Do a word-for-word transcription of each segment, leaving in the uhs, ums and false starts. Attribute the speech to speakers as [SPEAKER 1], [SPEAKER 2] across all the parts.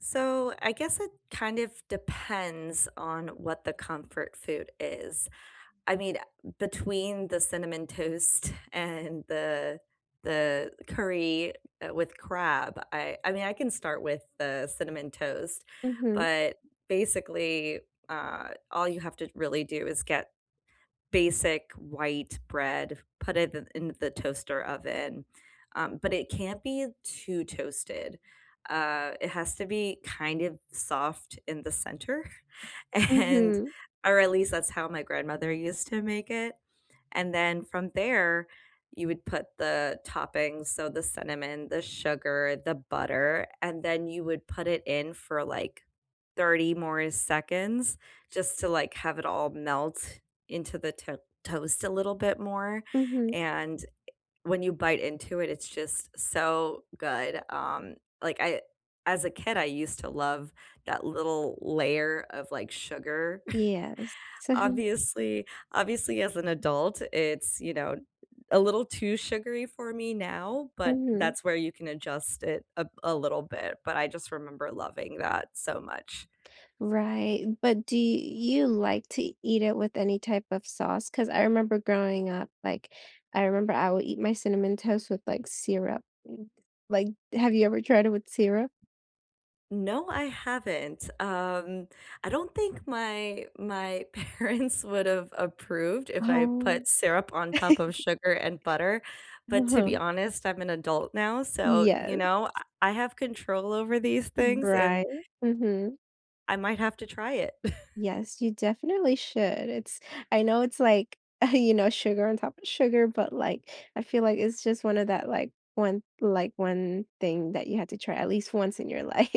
[SPEAKER 1] So, I guess it, kind of, depends on what the comfort food is, I mean, uh, between the cinnamon toast and the the curry, uh, with crab, I I mean I can start with the cinnamon toast,
[SPEAKER 2] Mhm.
[SPEAKER 1] but basically, uh, all you have to really do is get basic white bread, put it in in the toaster oven, um, but it can't be too toasted, uh, it has to be, kind of, soft in the center and
[SPEAKER 2] Mhm.
[SPEAKER 1] or at least that's how my grandmother used to make it, and then from there, you would put the toppings; so the cinnamon, the sugar, the butter, and then you would put it in for, like, thirty more seconds just to, like, have it all melt into the t toast a little bit more,
[SPEAKER 2] Mhm.
[SPEAKER 1] and, eh, when you bite into it, it's just so good, um, like, I as a kid, I used to love that little layer of, like, sugar.
[SPEAKER 2] Yeah, same.
[SPEAKER 1] Obviously obviously as an adult, it's, you know, a little too sugary for me now, but
[SPEAKER 2] Mhm.
[SPEAKER 1] that's where you can adjust it a b a little bit, but I just remember loving that so much.
[SPEAKER 2] Right, but do you like to eat it with any type of sauce, 'cause I remember growing up, like, I remember I would eat my cinnamon toast with, like, syrup, and, like, have you ever tried it with syrup?
[SPEAKER 1] No, I haven't, um, I don't think my my parents would've approved if I
[SPEAKER 2] Oh.
[SPEAKER 1] put syrup on top of sugar and butter, but to be honest, I'm an adult now, so, you
[SPEAKER 2] Yes.
[SPEAKER 1] know, uh, I have control over these things and
[SPEAKER 2] Right, mhm.
[SPEAKER 1] I might have to try it.
[SPEAKER 2] Yes, you definitely should, it's I know it's like, you know, sugar on top of sugar, but, like, I feel, like, it's just one of that, like, one like, one thing that you have to try at least once in your life.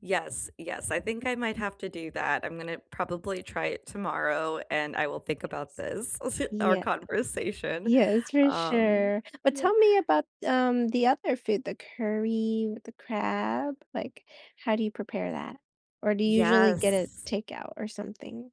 [SPEAKER 1] Yes, yes, I think I might
[SPEAKER 2] [unintelligible]
[SPEAKER 1] have to do that, I'm gonna probably try it tomorrow
[SPEAKER 2] Yes.
[SPEAKER 1] and I will think about this, our
[SPEAKER 2] Yes.
[SPEAKER 1] conversation,
[SPEAKER 2] Yes, for
[SPEAKER 1] um,
[SPEAKER 2] sure, but
[SPEAKER 1] yeah.
[SPEAKER 2] tell me about, um, the other food, the curry with the crab, like, how do you prepare that, or do you usually get
[SPEAKER 1] Yes.
[SPEAKER 2] it takeout or something?